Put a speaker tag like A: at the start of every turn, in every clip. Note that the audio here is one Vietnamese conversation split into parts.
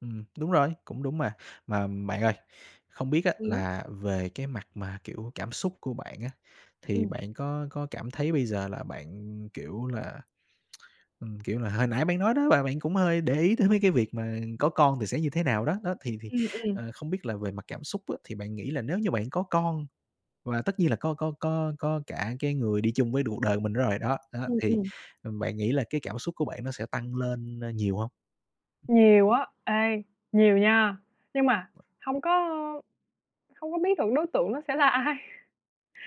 A: Ừm, đúng rồi, cũng đúng mà. Mà bạn ơi, không biết á,
B: Ừm.
A: là về cái mặt mà, kiểu, cảm xúc của bạn á, thì
B: Ừm.
A: bạn có có cảm thấy bây giờ là bạn, kiểu là, ừm, kiểu là hồi nãy bạn nói đó, và bạn cũng hơi để ý tới mấy cái việc mà có con thì sẽ như thế nào đó. Đó, thì thì,
B: Ừm, ừm.
A: ờ, không biết là về mặt cảm xúc á thì bạn nghĩ là nếu như bạn có con và tất nhiên là có có có có cả cái người đi chung với cuộc đời của mình nữa rồi, đó đó,
B: Ừm,
A: thì,
B: ừm.
A: ừm, bạn nghĩ là cái cảm xúc của bạn nó sẽ tăng lên, ơ, nhiều hông?
B: Nhiều á. Ê, nhiều nha. Nhưng mà hông có hông có biết được đối tượng nó sẽ là ai.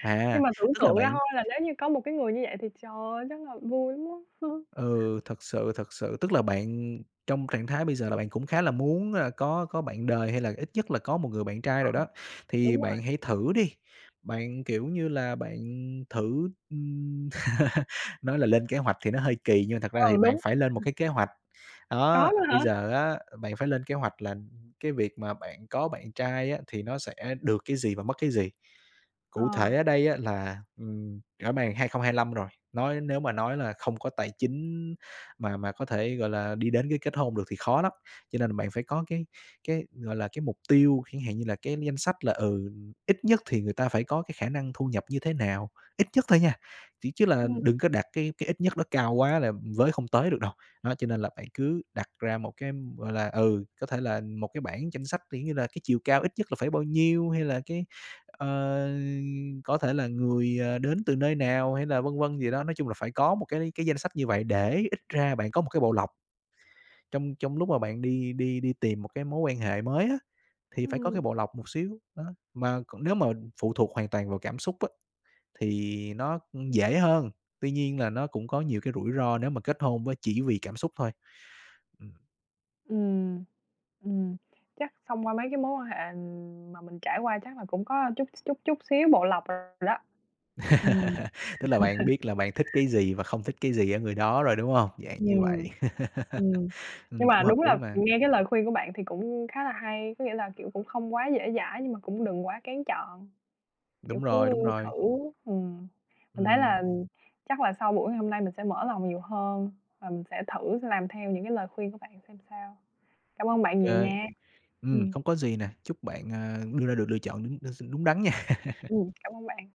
A: À,
B: Nhưng mà tưởng
A: tức là
B: tượng
A: bạn
B: ra thôi là nếu như có một cái người như vậy thì trời ơi, chắc là vui lắm á.
A: Ừ, thật sự, thật sự, tức là bạn trong trạng thái bây giờ là bạn cũng khá là muốn là có có bạn đời hay là ít nhất là có một người bạn trai
B: Ờ.
A: rồi đó, thì
B: Đúng rồi.
A: bạn hãy thử đi, bạn, kiểu như là, bạn thử, ừm nói là lên kế hoạch thì nó hơi kỳ nhưng mà thật ra thì
B: Ừ,
A: bạn
B: đúng.
A: phải lên một cái kế hoạch.
B: Có
A: Đó,
B: luôn
A: bây
B: hả?
A: giờ á, bạn phải lên kế hoạch là cái việc mà bạn có bạn trai á thì nó sẽ được cái gì và mất cái gì. Cụ
B: Ờ.
A: thể ở đây á là, ừm, rõ bàng 2025 rồi, nói nếu mà nói là không có tài chính mà mà có thể, gọi là, đi đến cái kết hôn được thì khó lắm. Cho nên bạn phải có cái cái, gọi là, cái mục tiêu, chẳng hạn như là cái danh sách là, ừ, ít nhất thì người ta phải có cái khả năng thu nhập như thế nào, ít nhất thôi nha, ch chứ là
B: Ừm.
A: đừng có đặt cái cái ít nhất đó cao quá là với không tới được đâu. Đó, cho nên là bạn cứ đặt ra một cái, gọi là, ừ, có thể là một cái bảng danh sách kiểu như là cái chiều cao ít nhất là phải bao nhiêu, hay là, cái, ờ, có thể là người, ờ, đến từ nơi nào, hay là vân vân gì đó, nói chung là phải có một cái cái danh sách như vậy để ít ra bạn có một cái bộ lọc. Trong trong lúc mà bạn đi đi đi tìm một cái mối quan hệ mới á, thì phải có cái
B: Ừm.
A: bộ lọc một xíu, đó, mà còn nếu mà phụ thuộc hoàn toàn vào cảm xúc á, thì nó, ư, dễ hơn, tuy nhiên là nó cũng có nhiều cái rủi ro nếu mà kết hôn với chỉ vì cảm xúc thôi. Ừm.
B: Ừm, ừm, chắc thông qua mấy cái mối quan hệ mà mình trải qua chắc là cũng có chút x chút chút xíu bộ lọc rồi đó. Ừm.
A: Tức là bạn biết là bạn thích cái gì và không thích cái gì ở người đó rồi, đúng hông? Dạng như vậy.
B: Ừm, ừm. Nhưng
A: Ừm,
B: mà
A: cũng hợp
B: đúng là,
A: lý
B: ừ,
A: mà.
B: nghe cái lời khuyên của bạn thì cũng khá là hay, có nghĩa là, kiểu, cũng không quá dễ dãi, nhưng mà cũng đừng quá kén chọn, kiểu,
A: Đúng rồi,
B: cứ
A: đúng
B: thử.
A: rồi.
B: Ừm, mình thấy
A: Ừm.
B: là chắc là sau buổi ngày hôm nay mình sẽ mở lòng nhiều hơn và mình sẽ thử làm theo những cái lời khuyên của bạn xem sao. Cảm ơn bạn nhiều
A: Kê,
B: nha.
A: ừm,
B: Ừm.
A: không có gì nè, chúc bạn, à, đưa ra được lựa chọn đúng đ s đúng đắn nha.
B: Ừm, cảm ơn bạn.